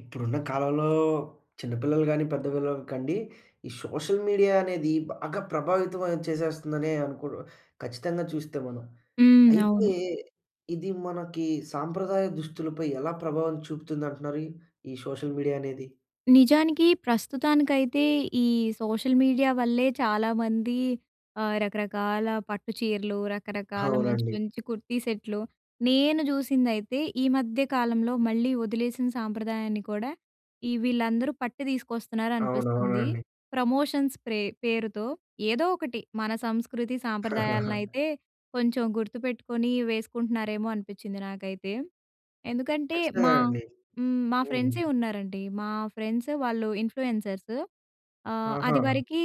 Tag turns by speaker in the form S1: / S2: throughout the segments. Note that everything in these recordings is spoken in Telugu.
S1: ఇప్పుడున్న కాలంలో చిన్నపిల్లలు కాని, పెద్ద పిల్లలు కండి, ఈ సోషల్ మీడియా అనేది బాగా ప్రభావితమయం చేసేస్తుందనే అనుకో ఖచ్చితంగా చూస్తే మనం.
S2: హ్మ్.
S1: అయితే
S2: అవును.
S1: ఇది మనకి సాంప్రదాయ దుస్తులపై ఎలా ప్రభావం చూపుతుందంటున్నారు, ఈ సోషల్ మీడియా అనేది?
S2: నిజానికి, ప్రస్తుతానికైతే, ఈ సోషల్ మీడియా వల్లే చాలామంది ఆహ్, రకరకాల పట్టు చీరలు, రకరకాల మంచి,
S1: అవునండి.
S2: మంచి కుర్తీ సెట్‌లు నేను చూసిందైతే ఈ మధ్య కాలంలో మళ్ళీ వదిలేసిన సాంప్రదాయాన్ని కూడా ఈ వీళ్ళందరూ పట్టి తీసుకొస్తున్నారనిపిస్తుంది.
S1: అవునవునండి.
S2: ప్రమోషన్స్ ప్రే పేరుతో ఏదో ఒకటి మన సంస్కృతి సాంప్రదాయాలనైతే కొంచెం గుర్తుపెట్టుకొని, వేసుకుంటున్నారేమో అనిపిచ్చింది నాకైతే. ఎందుకంటే
S1: ఖచ్చితంగా
S2: మా
S1: అండి.
S2: హ్మ్. మా
S1: హ్మ్.
S2: ఫ్రెండ్సే ఉన్నారండి. మా ఫ్రెండ్స్ వాళ్ళు ఇన్‌ఫ్లుయెన్సర్స్. ఆహ్,
S1: ఆహా!
S2: అదివరకి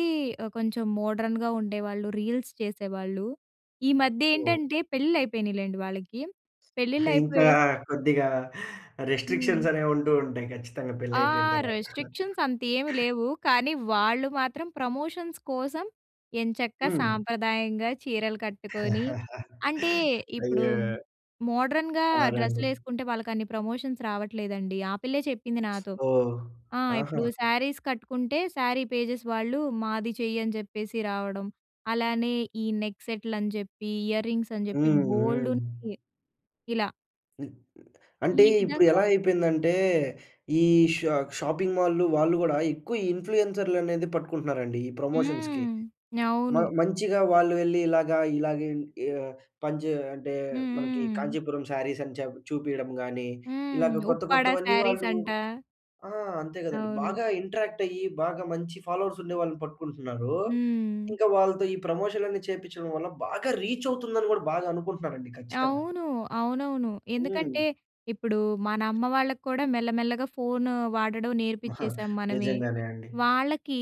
S2: కొంచెం మోడ్రన్‌గా ఉండేవాళ్ళు, రీల్స్ చేసేవాళ్ళు. ఈ మధ్య
S1: ఓహ్!
S2: ఏంటంటే పెళ్ళిళ్ళు అయిపోయినాయిలెండి వాళ్ళకి. పెళ్ళిళ్ళు
S1: ఇంకా
S2: అయిపోయే
S1: కొద్దిగా
S2: హ్మ్.
S1: రిస్ట్రిక్షన్స్ అనేవి ఉంటూ ఉంటాయి ఖచ్చితంగా పెళ్లయిపోయిన
S2: ఆహ్,
S1: తర్వాత.
S2: రిస్ట్రిక్షన్స్ అంతేమి లేవు. కానీ వాళ్ళు మాత్రం ప్రమోషన్స్ కోసం ఎంచక్క
S1: హ్మ్.
S2: సాంప్రదాయంగా చీరలు కట్టుకొని అంటే ఇప్పుడు
S1: అయ్యో!
S2: మోడ్రన్‌గా
S1: అవునండి.
S2: డ్రెస్సులేసుకుంటే వాళ్ళకన్ని ప్రమోషన్స్ రావట్లేదండి. ఆ పిల్లే చెప్పింది నాతో.
S1: ఓహ్!
S2: ఆ!
S1: ఆహా!
S2: ఇప్పుడు శారీస్ కట్టుకుంటే శారీ పేజెస్ వాళ్ళు, మాది చెయ్యని చెప్పేసి రావడం. అలానే ఈ నెక్ సెట్‌లని జెప్పి, ఇయర్ రింగ్స్ అని చెప్పి
S1: హ్మ్. హ్మ్.
S2: బోల్డున్నయి ఇలా.
S1: హ్మ్. అంటే,
S2: ఈ
S1: ఇప్పుడు
S2: విధంగా
S1: ఎలా అయిపోయిందంటే, ఈ షా షాపింగ్ మాల్‌లు, వాళ్ళు గూడా, ఎక్కువ ఇన్‌ఫ్లుయెన్సర్‌లనేది పట్టుకుంటున్నారండి, ఈ ప్రమోషన్స్‌కి.
S2: హ్మ్.
S1: మ
S2: అవును.
S1: మంచిగా వాళ్ళు వెళ్లి ఇలాగ ఇలాగేం యాహ్, పని జే అంటే,
S2: హ్మ్.
S1: మనకి
S2: హ్మ్.
S1: కాంచీపురం శారీసని చెప్ చూపీయడం గానీ,
S2: హ్మ్.
S1: ఇలాగ కొత్త
S2: ఉప్పాడ
S1: కొత్తవన్నీ వాళ్ళు
S2: శారీసంటా!
S1: ఆ! అంతే గదండీ,
S2: అవును.
S1: బాగా ఇంటరాక్టయ్యి, బాగా మంచి ఫాలోవర్సుండే వాళ్ళని పట్టుకుంటున్నారూ.
S2: హ్మ్.
S1: ఇంకా వాళ్ళతో ఈ ప్రమోషన్‌లన్నీ చేపిచ్చడం వల్ల బాగా రీచవుతుందని గూడా, బాగా అనుకుంటున్నారండి ఖచ్చితంగా.
S2: అవును. అవునవును. ఎందుకంటే,
S1: హ్మ్.
S2: ఇప్పుడూ మనమ్మ వాళ్ళక్కూడా, మెల్లమెల్లగా ఫోను వాడడం
S1: మహా
S2: నేర్పిచ్చేసాం మనమే.
S1: నిజంగానే అండి.
S2: వాళ్ళకీ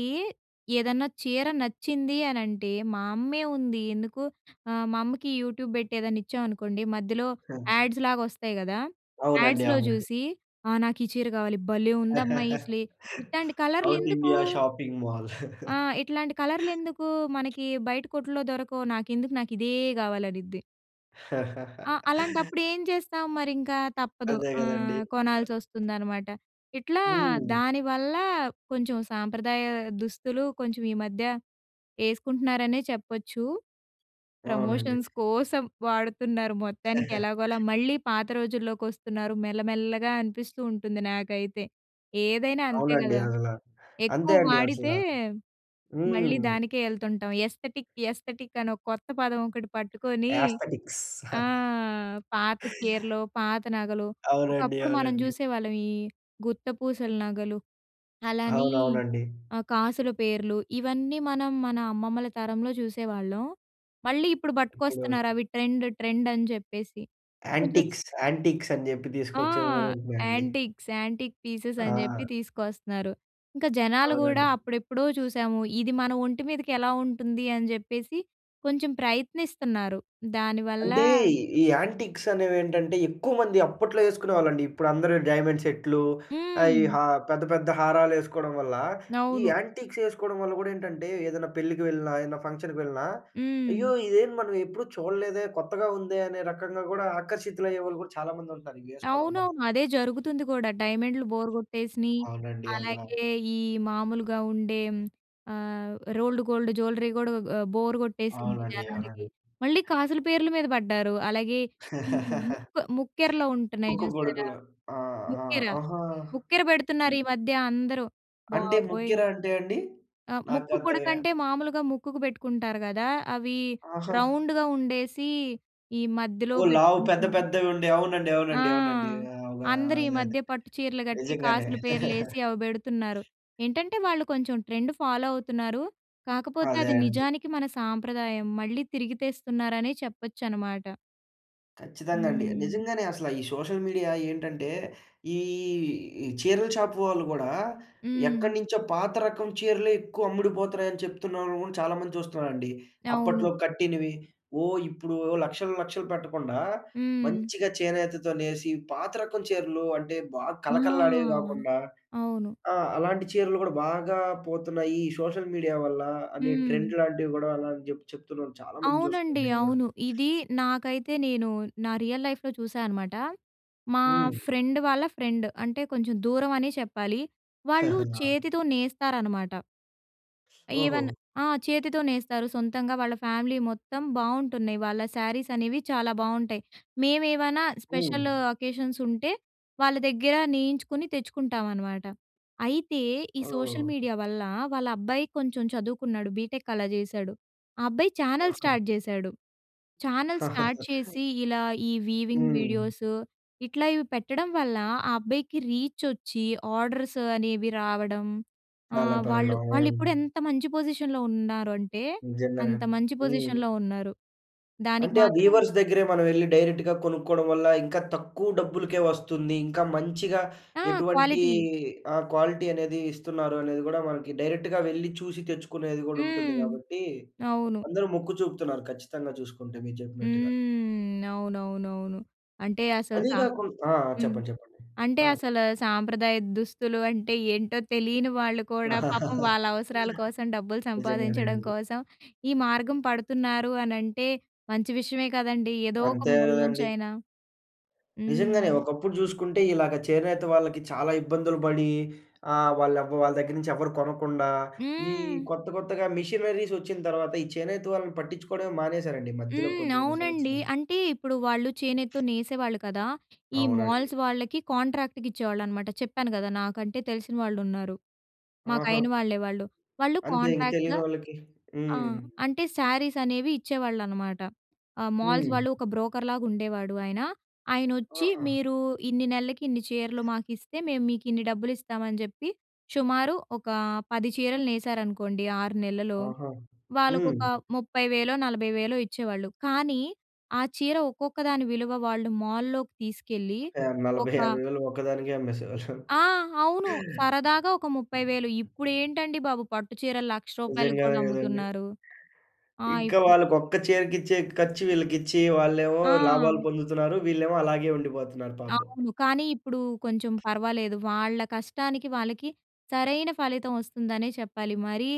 S2: ఏదన్నా చీర నచ్చింది అనంటే, మా అమ్మే ఉంది ఎందుకు, ఆహ్, మా అమ్మకి యూట్యూబ్ బెట్టేదన్నా ఇచ్చామనుకోండి, మధ్యలో యాడ్స్‌లాగొస్తాయి గదా!
S1: అవునండి.
S2: యాడ్స్‌లో
S1: అవునండి.
S2: జూసి, ఆహ్, నాకీ చీర కావాలి, భలే ఉందమ్మా ఈ స్లే ఇట్టాంటి
S1: సౌత్
S2: కలర్లెందుకూ
S1: ఇండియా షాపింగ్ మాల్.
S2: ఆ! ఇట్లాంటి కలర్లెందుకూ మనకి బయట కొట్టుల్లో దొరకవు? నాకెందుకు నాకు ఇదే గావాలనిద్ది. ఆ! అలాంటప్పుడేం జేస్తాం, మరింకా తప్పదు.
S1: అదే గదండీ!
S2: ఆహ్,
S1: అ
S2: కొనాల్సొస్తుందనమాట. ఇట్లా
S1: హ్మ్.
S2: దానివల్లా, కొంచెం సాంప్రదాయా దుస్తులు, కొంచెం ఈ మధ్య ఏస్కుంటున్నారనే చెప్పొచ్చు.
S1: అవునండి.
S2: ప్రమోషన్స్ కోసం వాడుతున్నారు మొత్తానికి ఎలాగొలా, మళ్ళీ పాత రోజుల్లోకొస్తున్నారు, మెల్లమెల్లగా అనిపిస్తూ ఉంటుంది నాకైతే. ఏదైనా అంతే
S1: అవునండి
S2: గదా!
S1: అసల.
S2: ఎక్కువ
S1: అంతే అండి అసల.
S2: వాడితే,
S1: హ్మ్.
S2: మళ్ళీ దానికే యెళ్తుంటాం. ఎస్తటిక్, ఎస్తటిక్ అని కొత్త పదం ఒకటి పట్టుకొనీ
S1: యాస్తడిక్స్.
S2: ఆ! పాత చీరలు, పాత నగలు
S1: అవునండి.
S2: ఒకప్పుడు మనం
S1: అవునండి.
S2: జూసేవాళ్ళం, ఈ గుత్త పూసలు నగలు, అలానీ
S1: అవునవునండి.
S2: ఆహ్, కాసుల పేర్లు, ఇవన్నీ మనం మన అమ్మమ్మల తరంలో చూసేవాళ్ళం. మళ్ళీ ఇప్పుడు
S1: ఇప్పుడు
S2: బట్టుకొస్తున్నారు అవి ట్రెండ్ ట్రెండని జెప్పేసి. కొంచెం
S1: యాంటిక్స్, యాంటిక్సని జెప్పి
S2: ఆ!
S1: దీసుకొచ్చేవి గూడ ఉంటున్నాయండి.
S2: యాంటిక్స్, యాంటిక్ పీసెసని
S1: ఆ!
S2: జెప్పి తీసుకొస్తున్నారు. ఇంకా జనాలు గూడా
S1: అవునండి.
S2: అప్పుడెప్పుడో చూశాము, ఇది మన ఒంటి మీదకెలా ఉంటుంది? అని జెప్పేసి, కొంచెం ప్రయత్నిస్తన్నారు. దానివల్లా
S1: అంటే, ఈ యాంటిక్సనేవేంటంటే, ఎక్కువమంది అప్పట్లో యెస్కునేవాళ్ళండి. ఇప్పుడందరూ డైమెండ్ సెట్‌లు, ఆహ్, ఈ
S2: హ్మ్.
S1: హా పెద్ద పెద్ద హారాలేసుకోడం వల్ల, ఈ
S2: అవును.
S1: యాంటిక్సేసుకోడం వల్ల గూడా ఏంటంటే, ఏదన్నా పెళ్ళికి వెళ్ళినా, ఏన్నా ఫంక్షన్‌కి వెళ్ళినా, అయ్యో!
S2: హ్మ్.
S1: ఇదేంది మనమెప్పుడూ చూడలేదే, కొత్తగా ఉందే, అనే రకంగా గూడా ఆకర్షితులయ్యేవాళ్ళు గూడా చాలామంది ఉంటారు, ఇయ్యేసుకోడం వల్ల.
S2: అవునవును. అదే జరుగుతుంది గూడా. డైమెండ్‌లు బోరు గొట్టేసినియి,
S1: అవునండి అసల.
S2: అలాగే ఈ మామూలుగా ఉండేం, ఆహ్, రోల్డ్ గోల్డ్ జూలరీ గూడా ఆహ్, బోరు గొట్టేసింది
S1: అవునండి.
S2: జనాలకి.
S1: అవునండి.
S2: మళ్ళీ కాసుల పేర్లు మీద బడ్డారు. అలాగే ఈ ముక్కు ముక్కెరలో ఉంటన్నాయి
S1: ముక్కు
S2: జూసారా?
S1: పుడకలా? ఆ! ఆ!
S2: ముక్కెర?
S1: ఆహా!
S2: ముక్కెర బెడుతున్నారీ మధ్య అందరూ
S1: అంటే,
S2: బాబోయ్!
S1: ముక్కెరా అంటే అండి?
S2: ఆ! ముక్కు
S1: నాకంతగా
S2: పుడకంటే, మామూలుగా ముక్కుకు బెట్టుకుంటారు గదా! అవి
S1: ఆహా!
S2: రౌండుగా ఉండేసీ, ఈ మధ్యలో
S1: ఓహ్! లావు పెద్ద
S2: బెట్టుకుంటున్నారు.
S1: పెద్దవి ఉండే అవునండి.
S2: ఆ!
S1: అవునండి. అవునండి. అవా
S2: అందరీ
S1: అదదే.
S2: మధ్య పట్టు చీరలు గట్టి,
S1: నిజంగానే.
S2: కాసుల పేర్లేసి అవి బెడుతున్నారు. ఏంటంటే వాళ్ళు కొంచెం ట్రెండ్ ఫాలో అవుతున్నారు. కాకపోతే,
S1: అదే
S2: అది
S1: అండి.
S2: నిజానికి మన సాంప్రదాయం, మళ్ళీ తిరిగి తెస్తున్నారనే చెప్పొచ్చనమాట.
S1: ఖచ్చితంగా అండి.
S2: హ్మ్.
S1: నిజంగానే అసల ఈ సోషల్ మీడియా ఏంటంటే, ఈ ఈ చీరల షాప్ వాళ్ళు గూడా,
S2: హ్మ్.
S1: ఎక్కడి నుంచో పాత రకం చీరలే ఎక్కువ అమ్ముడుపోతున్నాయి అని చెప్తున్నాము ఆని చాలా మంది చూస్తున్నారండి.
S2: అవును.
S1: అప్పట్లో కట్టినవి ఓ ఇప్పుడు ఓ లక్షలు, లక్షలు పెట్టకుండా
S2: హ్మ్.
S1: మంచిగా చేనేతతో నేసి, పాత రకం చీరలు అంటే బాగా
S2: ఆ!
S1: కళకళలాడేవి గాకుండా.
S2: అవును.
S1: ఆ! అలాంటి చీరలు గూడా బాగా పోతున్నాయి. సోషల్ మీడియా వల్ల అనే
S2: హ్మ్.
S1: ట్రెండ్ లాంటివి గూడా, అలా అని జెప్పిచెప్తున్నారు. చాలా మందిని చూస్తున్నా
S2: అవునండి.
S1: నేను గూడా.
S2: అవును. ఇది నాకైతే నేను నా రియల్ లైఫ్‌లో చూశా అనమాట. మా
S1: హ్మ్.
S2: ఫ్రెండ్ వాళ్ళ ఫ్రెండ్ అంటే, కొంచెం దూరం అనే చెప్పాలి. వాళ్ళు
S1: ఆ!
S2: చేతితో నేస్తారనమాట. ఈవెన్
S1: ఓహో!
S2: ఆ! చేతితో నేస్తారు సొంతంగా. వాళ్ళ ఫ్యామిలీ మొత్తం బావుంటున్నాయి. వాళ్ళ శారీస్ అనేవి చాలా బాగుంటాయి. మేము ఏమైనా
S1: హ్మ్.
S2: స్పెషల్ అకేషన్స్ ఉంటే, వాళ్ళ దగ్గర నేయించుకుని తెచ్చుకుంటామనమాట. అయితే, ఈ సోషల్
S1: ఓహ్!
S2: మీడియా వల్ల, వాళ్ళ అబ్బాయి కొంచెం చదువుకున్నాడు బీటెక్ అలా జేశాడు. ఆ అబ్బాయి ఛానెల్
S1: ఆహా!
S2: స్టార్ట్ చేశాడు. ఛానెల్ స్టార్ట్ చేసి, ఇలా ఈ వీవింగ్
S1: హ్మ్.
S2: వీడియోసు ఇట్లా ఇవి పెట్టడం వల్ల ఆ అబ్బాయికి రీచొచ్చి ఆర్డర్స్ అనేవి రావడం.
S1: చాలా
S2: ఆహ్, వాళ్ళు
S1: పెరగడం. హ్మ్.
S2: వాళ్ళిప్పుడు ఎంత మంచి పొజిషన్‌లో ఉన్నారు అంటే,
S1: నిజంగానే.
S2: అంత మంచి
S1: హ్మ్.
S2: పొజిషన్‌లో ఉన్నారు. దానికి
S1: అంటే ఆ
S2: మాత్రం
S1: వీవర్స్ దగ్గరే మనం వెళ్లి డైరెక్ట్‌గా కొనుక్కోవడం వల్ల, ఇంకా తక్కువ డబ్బులకే వస్తుంది. ఇంకా మంచిగా
S2: ఆ!
S1: ఎటువంటి
S2: క్వాలిటీ.
S1: ఆహ్, క్వాలిటీ అనేది ఇస్తున్నారు. అనేది గూడా మనకి డైరెక్ట్‌గా వెళ్లి చూసి తెచ్చుకునేది గూడా ఉంటుంది.
S2: హ్మ్.
S1: గాబట్టి,
S2: అవును.
S1: అందరూ మొక్కు చూపుతున్నారు ఖచ్చితంగా చూసుకుంటే మీరు చెప్పినట్టుగా.
S2: హ్మ్. అవునవునవును. అంటే, అసలు
S1: అదీ
S2: సా
S1: గాకుం ఆ!
S2: హ్మ్.
S1: చెప్పండి. చెప్పండి.
S2: అంటే,
S1: ఆ!
S2: అసలు సాంప్రదాయ దుస్తులు అంటే, ఏంటో తెలియని వాళ్ళు కూడా పాపం వాళ్ళ అవసరాల కోసం డబ్బులు
S1: నిజంగానే
S2: సంపాదించడం
S1: అండి.
S2: కోసం, ఈ మార్గం పడుతున్నారు అనంటే మంచి విషయమే కదండీ! ఏదో ఒక
S1: అంతే
S2: మూల నుంచి
S1: గదండీ!
S2: అయినా.
S1: నిజంగానే
S2: హ్మ్.
S1: ఒకప్పుడు చూసుకుంటే, ఇలాగ చేనేత వాళ్ళకి చాలా ఇబ్బందులు పడి. ఆ వాళ్ళ వాళ్ళ దగ్గర నుంచి ఎవరు కొనకుండా. ఈ
S2: హ్మ్.
S1: కొత్త, కొత్తగా మిషనరీస్ వచ్చిన తర్వాత. ఈ చేనేత వాళ్ళని పట్టిచ్చుకోవడమే మానేశారండి, ఈ మధ్యలో
S2: హ్మ్.
S1: కొనెన్ని
S2: అవునండి.
S1: సంవత్సరాం.
S2: అంటే ఇప్పుడు వాళ్ళు చేనెత్తో నేసేవాళ్ళు కదా! ఈ
S1: అవునండి.
S2: మాల్స్ వాళ్ళకి కాంట్రాక్ట్‌కి ఇచ్చేవాళ్ళనమాట. చెప్పాను కదా! నాకంటే, తెలిసిన వాళ్ళు ఉన్నారు. మాకు
S1: ఆహా!
S2: అయిన వాళ్ళే వాళ్ళు. వాళ్ళు
S1: అంతే ఇంక
S2: కాంట్రాక్ట్‌గా
S1: తెలియని వాళ్ళకి
S2: ఆ!
S1: హ్మ్.
S2: అంటే శారీస్ అనేవి ఇచ్చేవాళ్ళనమాట. ఆ మాల్స్
S1: హ్మ్.
S2: వాళ్ళు ఒక బ్రోకర్‌లాగా ఉండేవాడు ఆయన. ఆయనొచ్చి,
S1: ఆహా!
S2: మీరు ఇన్ని నెలలకి ఇన్ని చీరలు మాకు ఇస్తే మేము మీకు ఇన్ని డబ్బులు ఇస్తామని జెప్పి, షుమారు ఒక 10 చీరలు నేసారనుకోండి. 6 నెలలు,
S1: ఆహా! హ్మ్.
S2: వాళ్ళకొక 20 వేలో, 40 వేలో ఇచ్చేవాళ్ళు. కానీ, ఆ చీర ఒక్కొక్క దాని విలువ వాళ్ళు మాల్‌లోకి తీసుకెళ్ళి
S1: ఆ!
S2: ఒక
S1: 40, 50 వేలు ఒకదానికే అమ్మేసేవాళ్ళా!
S2: ఆ! అవును సరదాగా ఒక ముప్పై వేలు. ఇప్పుడేంటండి, బాబు పట్టు చీరలు రూ. 1,00,000కి
S1: నిజంగానే
S2: కూడా
S1: గదండి!
S2: అమ్ముతున్నారు. ఆ
S1: ఇంకా
S2: ఇప్పు
S1: వాళ్ళకి ఒక్క చీరకిచ్చే ఖర్చు వీళ్ళకిచ్చి, వాళ్ళేమో
S2: ఆ!
S1: లాభాలు పొందుతున్నారు. వీళ్ళేమో అలాగే ఉండిపోతున్నారు పాపం.
S2: అవును. కానీ, ఇప్పుడు కొంచెం పర్వాలేదు. వాళ్ళ కష్టానికి, వాళ్ళకి సరైన ఫలితం వస్తుందనే చెప్పాలి. మరీ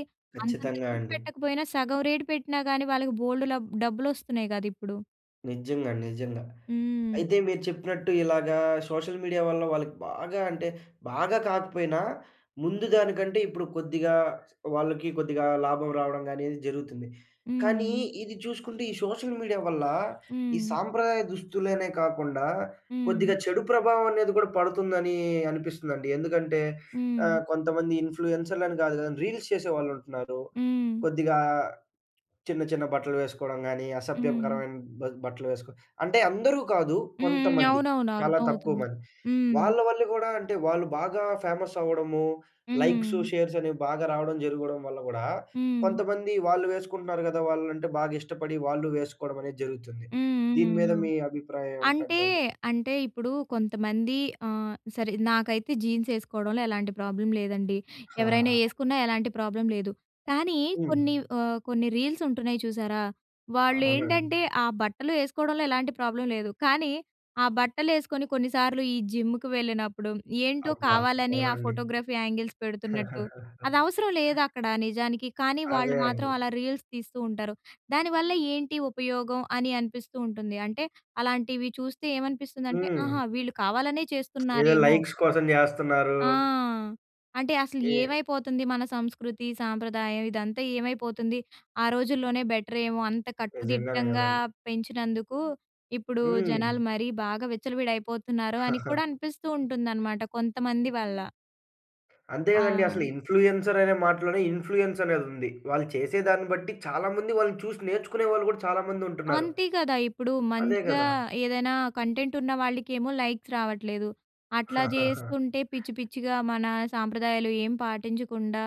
S2: అంతంత
S1: ఖచ్చితంగా
S2: రేట్
S1: అండి.
S2: పెట్టకపోయినా సగం రేటు పెట్టినా గాని వాళ్ళకి బోలెడు లబ్ డబ్బులు వస్తున్నాయి గద ఇప్పుడు.
S1: నిజ్జంగా నిజంగా.
S2: హ్మ్.
S1: అయితే మీరు చెప్పినట్టు ఇలాగా సోషల్ మీడియా వల్ల వాళ్ళకి బాగా అంటే, బాగా కాకపోయినా ముందు దానికంటే ఇప్పుడు కొద్దిగా వాళ్ళకి కొద్దిగా లాభం రావడం గానీ ఇది జరుగుతుంది. కానీ
S2: హ్మ్.
S1: ఇది చూసుకుంటే ఈ సోషల్ మీడియా వల్ల, ఈ
S2: హ్మ్.
S1: సాంప్రదాయ దుస్తులనే కాకుండా
S2: హ్మ్.
S1: కొద్దిగా చెడు ప్రభావం అనేది కూడా పడుతుందనీ అనిపిస్తుందండి. ఎందుకంటే
S2: హ్మ్.
S1: ఆహ్, కొంతమంది ఇన్‌ఫ్లూయెన్సర్‌లని గాదు గానీ రీల్స్ చేసేవాళ్ళు ఉంటన్నారు.
S2: హ్మ్.
S1: కొద్దిగా చిన్న, చిన్న బట్టలు వేసుకోడం గానీ.
S2: హ్మ్.
S1: అసభ్యకరమైన బ బట్టలు వేసుకో అంటే అందరూ కాదు.
S2: హ్మ్. హ్మ్.
S1: కొంతమంది
S2: అవునవును,
S1: చాలా తక్కువ
S2: అర్థమవుతుంది.
S1: మంది
S2: హ్మ్.
S1: వాళ్ళ వల్ల గూడా అంటే, వాళ్ళు బాగా ఫేమస్ అవ్వడము. లైక్సు,
S2: హ్మ్.
S1: షేర్స్ అనేవి బాగా రావడం జరగడం వల్ల గూడా,
S2: హ్మ్.
S1: కొంతమంది వాళ్ళు వేసుకుంటున్నారు గదా! వాళ్ళంటే బాగా ఇష్టపడి వాళ్ళూ వేసుకోడం అనేది జరుగుతుంది.
S2: హ్మ్
S1: దీని
S2: హ్మ్
S1: మీద
S2: ఆ!
S1: మీ అభిప్రాయం
S2: అంటే
S1: ఏమిటంటారు?
S2: అంటె ఇప్పుడు కొంతమంది ఆహ్, సరే నాకైతే జీన్స్ ఏ‌సుకోవడంలో ఎలాంటి ప్రాబ్లం లేదండి. ఎవరైనా
S1: ఆ!
S2: ఏ‌సుకున్నా ఎలాంటి ప్రాబ్లమ్ లేదు. కానీ
S1: హ్మ్.
S2: కొన్ని ఆహ్, కొన్ని రీల్స్ ఉంటున్నాయి చూశారా, వాళ్ళు ఏంటంటే
S1: అవునండి.
S2: ఆ బట్టలు ఏ‌సుకోవడంలో ఎలాంటి ప్రాబ్లం లేదు. కానీ ఆ బట్టలు ఏ‌సుకొని కొన్ని సార్లు ఈ జిమ్‌కి వెళ్ళినప్పుడు ఏంటో
S1: అబ్బా!
S2: కావాలని ఆ
S1: అవునండి.
S2: Photography angles పెడుతున్నట్టు. అదవసరం లేదు. అక్కడ నిజానికి కానీ వాళ్ళు
S1: అదే
S2: మాత్రం
S1: అండి.
S2: అలా రీల్స్ తీస్తూ ఉంటారు. దానివల్ల ఏంటి ఉపయోగం అని అనిపిస్తూ ఉంటుంది. అంటే అలాంటివి చూస్తే ఏమనిపిస్తుందంటే,
S1: హ్మ్.
S2: ఆహా! వీళ్ళు కావాలనే
S1: ఏదో
S2: చేస్తున్నారేమో.
S1: లై‌క్స్ కోసం జేస్తన్నారూ
S2: ఆ! అంటే అసలు
S1: ఏ
S2: ఏమైపోతుంది మన సంస్కృతి, సాంప్రదాయం? ఇదంతా ఏమైపోతుంది? ఆ రోజుల్లోనే బెటర్ ఏమో అంత
S1: నిజంగానే
S2: కట్టుదిట్టంగా
S1: గ‌దండి.
S2: పెంచినందుకు, ఇప్పుడూ
S1: హ్మ్.
S2: జనాలు మరీ బాగా విచ్చలవిడయిపోతున్నారు అని కూడా అనిపిస్తూ ఉంటుందనమాట కొంతమంది వల్ల.
S1: అంతే గదండీ! అసలు
S2: ఆ!
S1: ఇన్‌ఫ్లుయెన్సర్ ఆనే మాటలోనే ఇన్‌ఫ్లుయెన్స్ అనేదుంది. వాళ్ళు చేసే దాన్ని బట్టి, చాలా మంది వాళ్ళని చూసి నేర్చుకునే వాళ్ళు గూడా చాలా మంది ఉంటున్నారు.
S2: అంతే కదా! ఇప్పుడు
S1: అదే
S2: మంచిగా
S1: గదా!
S2: ఏదైనా కంటెంట్ ఉన్న వాళ్ళకేమో, లైక్స్ రావట్లేదు. అట్లా జేస్తుంటే పిచ్చి, పిచ్చిగా మన సాంప్రదాయాలు ఏం పాటించకుండా,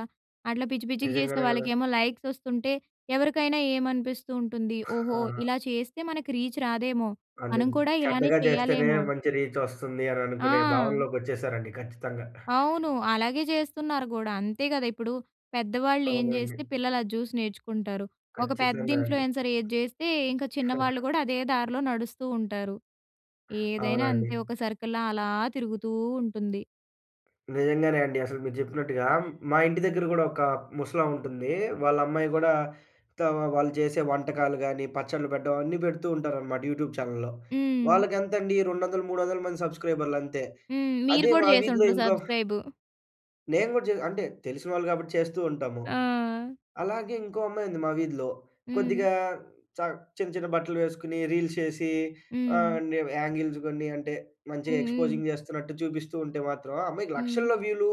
S2: అట్లా పిచ్చి, పిచ్చిగా చేసే
S1: నిజంగానే గదా!
S2: వాళ్ళకేమో లైక్స్ వస్తుంటే, ఎవరికైనా ఏమనిపిస్తూ ఉంటుంది? ఓహో!
S1: ఆ!
S2: ఇలా చేస్తే మనకు రీచ్ రాదేమో, మనం
S1: ఆళ్ళెత్
S2: కూడా ఇలానే
S1: చెడ్డగా చేస్తేనే
S2: చేయాలేమో.
S1: మంచి రీచ్ వస్తుంది, అని అనుకునే
S2: ఆ!
S1: భావనలోకొచ్చేసారండి ఖచ్చితంగా.
S2: అవును. అలాగే చేస్తున్నారు గూడా అంతే గదా! ఇప్పుడు పెద్దవాళ్ళు ఏం
S1: అవునండి.
S2: జేస్తే పిల్లలు అది చూసి నేర్చుకుంటారు. ఒక పెద్ద
S1: ఖచ్చితంగా అండి.
S2: ఇన్‌ఫ్లుయెన్సర్ ఏది జేస్తే, ఇంక చిన్నవాళ్ళు కూడా అదే దార్లో నడుస్తూ ఉంటారు. ఏదైనా
S1: అవునండి.
S2: అంతే ఒక సర్కిల్‌లా అలా తిరుగుతూ ఉంటుంది.
S1: నిజంగానే అండి. అసలు మీరు జెప్పినట్టుగా మా ఇంటి దగ్గర గూడా ఒక ముసలాముంటుంది. వాళ్ళ అమ్మాయి గూడా, ఇట్లా వాళ్ళు చేసే వంటకాలు గాని, పచ్చడ్లు పెట్టడం అన్నీ పెడుతూ ఉంటారనమాట యూట్యూబ్ ఛానెల్లో.
S2: హ్మ్.
S1: వాళ్ళకెంతండీ 200, 300ల మంది సబ్‌స్క్రైబర్‌లు అంతే.
S2: హ్మ్. మీరు
S1: అదే
S2: గూడా
S1: మా వీధిలో
S2: చేసుండరు
S1: ఇంకో
S2: సబ్‌స్క్రైబు.
S1: నేను గూడా జే అంటే తెలిసిన వాళ్ళు కాబట్టి చేస్తూ ఉంటాము.
S2: ఆ!
S1: అలాగే ఇంకో అమ్మాయి ఉంది మా వీధిలో.
S2: హ్మ్.
S1: కొద్దిగా చ చిన్న చిన్న బట్టలు వేసుకొని రీల్స్ చేసి
S2: హ్మ్.
S1: ఆహ్, న్యూ యాంగిల్స్ కొన్ని అంటే మంచిగా
S2: హ్మ్. హ్మ్.
S1: ఎక్స్పోజింగ్ చేస్తున్నట్టు చూపిస్తూ ఉంటే మాత్రం ఆ అమ్మాయికి
S2: హ్మ్.
S1: లక్షల్లో వ్యూలు.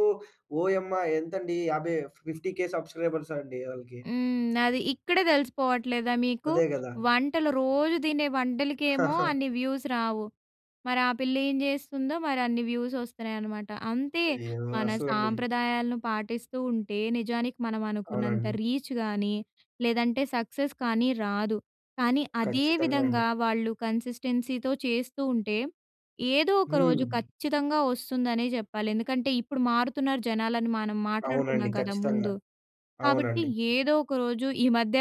S1: ఓయమ్మా! ఎంతండి యాభై 50,000 సబ్స్క్రైబర్స్ అండి. వోళ్ళకి.
S2: హ్మ్. అది ఇక్కడే తెలిసిపోవట్లేదా మీకు?
S1: అదే గదా!
S2: వంటలు రోజు తినే వంటలకేమో అన్ని వ్యూస్ రావు. మరి ఆ పిల్ల ఏం జేస్తుందో మరి అన్ని వ్యూస్ వస్తున్నాయనమాట. అంతే
S1: అయ్యో!
S2: మన
S1: అసలండి.
S2: సాంప్రదాయాలను పాటిస్తూ ఉంటే నిజానికి మనం అనుకున్నంత
S1: అవునండి.
S2: రీచ్ గానీ, లేదంటే సక్సెస్ కానీ రాదు. కానీ అదే
S1: ఖచ్చితంగా అండి.
S2: విధంగా వాళ్ళు కన్సిస్టెన్సీతో చేస్తూ ఉంటే, ఏదో ఒక రోజు
S1: హ్మ్.
S2: ఖచ్చితంగా వస్తుందనే చెప్పాలి. ఎందుకంటే ఇప్పుడు మారుతున్నారు జనాలు అని మనం
S1: అవునండి.
S2: మాట్లాడుకున్నాం కదా!
S1: ఖచ్చితంగా.
S2: ముందు. కాబట్టి
S1: అవునండి.
S2: ఏదో ఒకరోజు ఈ మధ్య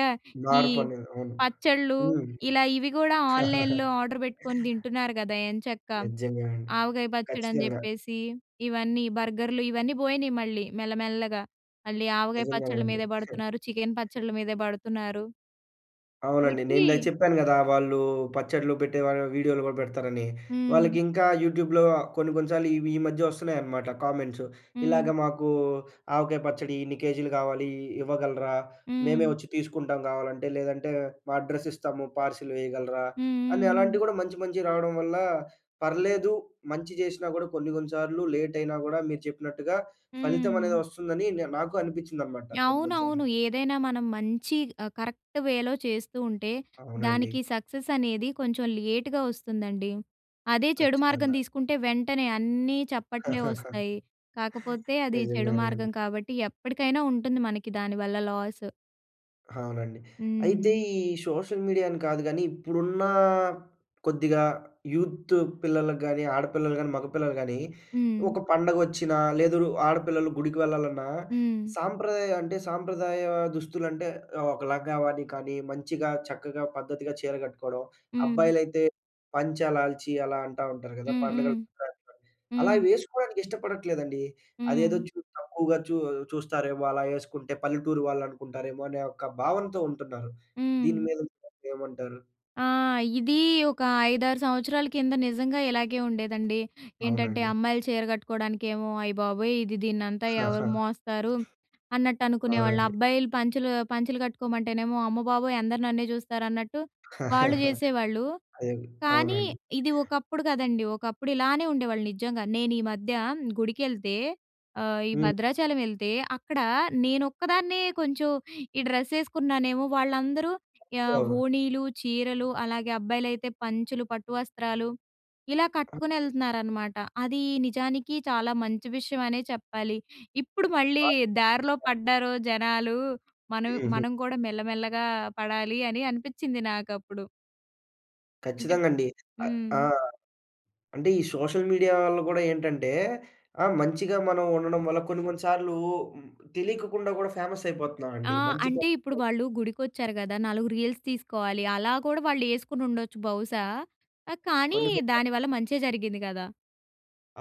S2: ఈ
S1: మార్పు అనేది. అవును.
S2: పచ్చళ్లు
S1: హ్మ్.
S2: ఇలా ఇవి గూడా ఆన్లైన్‌లో ఆర్డర్ పెట్టుకొని తింటున్నారు గదా ఎంచక్కా.
S1: నిజంగా అండి.
S2: ఆవకాయ పచ్చడి అని
S1: ఖచ్చితంగా.
S2: చెప్పేసి, ఇవన్నీ బర్గర్లు, ఇవన్నీ పోయినాయి మళ్ళీ మెల్లమెల్లగా. మళ్ళీ ఆవకాయ
S1: నిజంగానే
S2: పచ్చడ్ల
S1: అండి.
S2: మీదే బడుతున్నారు. చికెన్ పచ్చళ్ళ మీద బడుతున్నారు.
S1: అవునండి.
S2: కాబట్టి
S1: నేనిందాక చెప్పాను గదా! వాళ్ళు పచ్చడ్లు పెట్టే వాళ్ళు వీడియోలు కూడా పెడతారని.
S2: హ్మ్.
S1: వాళ్ళకి ఇంకా యూట్యూబ్‌లో కొన్ని కొన్ని సార్లు ఇవి ఈ మధ్య వస్తున్నాయనమాట. కామెంట్స్ ఇలాగ
S2: హ్మ్.
S1: మాకు ఆవకాయ పచ్చడి ఇన్ని కేజీలు కావాలి. ఇవ్వగలరా? మేమే
S2: హ్మ్.
S1: వచ్చి తీసుకుంటాం కావాలంటే. లేదంటే మా అడ్రెస్ ఇస్తాము, పార్సిల్ వేయగలరా?
S2: హ్మ్.
S1: అని
S2: హ్మ్. హ్మ్.
S1: అలాంటివి గూడా మంచి మంచివి రావడం వల్ల, పర్లేదు మంచి చేసినా కూడా కొన్ని కొన్ని సార్లు లేట్ అయినా గూడా మీరు చెప్పినట్టుగా ఫలితం అనేది
S2: హ్మ్.
S1: వస్తుందని. నే నాకు అనిపిచ్చిందనమాట. కొన్ని కొన్ని
S2: అవునవును.
S1: సార్లు.
S2: ఏదైనా మనం మంచి ఆహ్, కరెక్ట్‌ వేలో చేస్తూ ఉంటే
S1: అవునండి.
S2: దానికి సక్సెస్ అనేది కొంచెం లేట్‌గా వస్తుందండి. అదే చెడు మార్గం
S1: ఖచ్చితంగా.
S2: తీసుకుంటే వెంటనే అన్నీ చప్పట్లే వస్తాయి. కాకపోతే అది చెడు
S1: నిజంగానే అండి.
S2: మార్గం కాబట్టి ఎప్పటికైనా ఉంటుంది మనకి దాని వల్ల లాస్.
S1: అవునండి.
S2: హ్మ్.
S1: అయితే
S2: హ్మ్.
S1: ఈ సోషల్ మీడియా అని కాదు గానీ, ఇప్పుడున్న కొద్దిగా యూత్ పిల్లలకు గాని ఆడపిల్లలు గాని, మగపిల్లలు కానీ
S2: హ్మ్.
S1: ఒక పండుగొచ్చినా లేదు, ఆడపిల్లలు గుడికి వెళ్ళాలన్నా
S2: హ్మ్.
S1: సాంప్రదాయ అంటే సాంప్రదాయ దుస్తులు అంటే ఆహ్, ఒక లంగావోని కానీ, మంచిగా చక్కగా పద్ధతిగా చీర గట్టుకోవడం.
S2: హ్మ్.
S1: అబ్బాయిలైతే పంచ, లాల్చి అలా అంటా ఉంటారు గదా!
S2: హ్మ్. హ్మ్.
S1: పండుగలు పుట అంటారు. అలా
S2: హ్మ్.
S1: వేసుకోవడానికి ఇష్టపడట్లేదండి. అదేదో,
S2: హ్మ్.
S1: చూ తక్కువగా చూ చూస్తారేమో అలా వేసుకుంటే, పల్లెటూరు వాళ్ళు అనుకుంటారేమో అనే ఒక భావనతో ఉంటున్నారు. దీని
S2: హ్మ్.
S1: మీద మీరు ఏమంటారు?
S2: ఆ! ఇది ఒక 5, 6 సంవత్సరాల కింద నిజంగా ఇలాగే ఉండేదండి. ఏంటంటే,
S1: అవునండి.
S2: అమ్మాయిలు చీర గట్టుకోవడానికేమో, అయ్య బాబోయ్! ఇది దీన్నంతా ఎవరు మోస్తారు, అన్నట్టనుకునేవాళ్ళు.
S1: అవునండి.
S2: అబ్బాయిలు పంచలు పంచలు గట్టుకోమంటేనేమో, అమ్మబాబోయ్! అందరూ నన్నే చూస్తారు అన్నట్టు వాళ్ళు జేసేవాళ్ళు.
S1: అదేలే.
S2: కానీ,
S1: అవునండి.
S2: ఇది ఒకప్పుడు గదండీ ఒకప్పుడు ఇలానే ఉండేవాళ్ళు నిజంగా. నేను ఈ మధ్య గుడికెళ్తే ఆహ్, ఈ
S1: హ్మ్.
S2: భద్రాచలం యెళ్తే, అక్కడ నేను ఒక్కదాన్నే కొంచెం ఈ డ్రెస్ యేసుకున్నానేమో! వాళ్ళందరూ ఆహ్,
S1: అవును.
S2: ఓణీలు, చీరలు అలాగే అబ్బాయిలైతే పంచలు, పట్టు వస్త్రాలు ఇలా కట్టుకొనెళ్తున్నారనమాట. అది నిజానికి చాలా మంచి విషయం అనే చెప్పాలి. ఇప్పుడు మళ్ళీ దారిలో పడ్డారు జనాలు. మనం
S1: హుహు.
S2: మనం గూడా మెల్లమెల్లగా పడాలి అని అనిపిచ్చింది నాకప్పుడు. అంటే
S1: ఖచ్చితంగా అండి. అ ఆ!
S2: హ్మ్.
S1: అంటే ఈ సోషల్ మీడియా వల్ల గూడా ఏంటంటే ఆహ్, మంచిగా మనం ఉండడం వల్ల కొన్ని కొన్ని సార్లు తెలికకుండా కూడా ఫేమస్ అయిపోతున్నా
S2: ఆ!
S1: అండి. మంచి త
S2: అంటే ఇప్పుడు వాళ్ళు గుడికొచ్చారు కదా! నాలుగు రీల్స్ తీసుకోవాలి అలా కూడా వాళ్ళే‌సు‌కునుండొచ్చు బహుశా! ఆహ్, కానీ
S1: కొన్ని, కొన్ని
S2: దాని వల్ల మంచే జరిగింది కదా!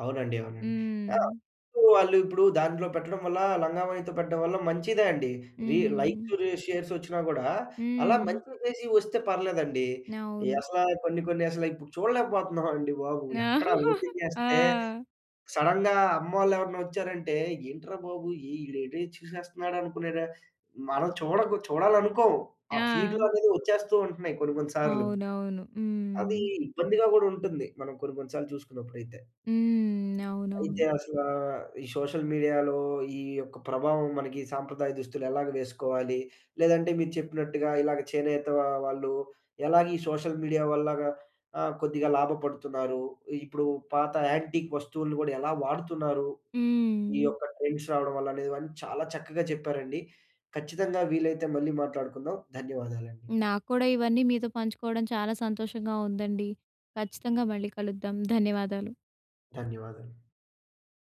S1: అవునండి, అవునండి. ఆహ్,
S2: హ్మ్.
S1: ఇప్పుడూ వాళ్ళు, ఇప్పుడు దాంట్లో పెట్టడం వల్ల లంగాఓణితో పెట్టడం వల్ల మంచిదే అండి. రీ
S2: హ్మ్.
S1: లైక్సు, రి షేర్సొచ్చినా గూడా, అలా
S2: హ్మ్.
S1: మంచిగా చేసి వస్తే పర్లేదండి. ఈ
S2: అవును.
S1: అసలా కొన్ని కొన్ని అసల ఇప్పుడు చూడలేకపోతున్నాం అండి బాబు.
S2: ఆ!
S1: ఎక్కడ ఓపెన్ చేస్తే,
S2: ఆ!
S1: సడన్‌గా అమ్మోళ్ళెవరన్నా వచ్చారంటే ఏంట్రా బాబు! ఈడేటో చూసేస్తున్నాడనుకునేలా, మనం చూడగు చూడాలనుకోము. ఆ
S2: ఆ!
S1: ఫీడ్‌లనేది వచ్చేస్తూ ఉంటున్నయి, కొన్ని కొన్ని సార్లు.
S2: అవునవును.
S1: అదీ
S2: హ్మ్.
S1: ఇబ్బందిగా గూడా ఉంటుంది. మనం కొన్ని కొన్ని సార్లు చూసుకున్నప్పుడైతే.
S2: హ్మ్. అవునవును.
S1: అయితే అసలా, ఈ సోషల్ మీడియాలో ఈ యొక్క ప్రభావం మనకి సాంప్రదాయ దుస్తులు ఎలాగ వేసుకోవాలి? లేదంటే మీరు చెప్పినట్టుగా ఇలాగ చేనేత ఆహ్, వాళ్ళు ఎలాగ ఈ సోషల్ మీడియా వల్లగా ఆహ్, కొద్దిగా లాభపడుతున్నారు? ఇప్పుడు పాత యాంటిక్ వస్తువులను గూడా ఎలా వాడుతున్నారు? ఈ
S2: హ్మ్.
S1: యొక్క ట్రెండ్స్ రావడం వల్లనే, ఇవన్నీ చాలా చక్కగా చెప్పారండి. ఖచ్చితంగా వీలైతే మళ్ళీ మాట్లాడుకుందాం. ధన్యవాదాలండి.
S2: నాక్కూడా ఇవన్నీ మీతో పంచుకోవడం చాలా సంతోషంగా ఉందండి. ఖచ్చితంగా మళ్ళీ కలుద్దాం, ధన్యవాదాలు.
S1: ధన్యవాదులు.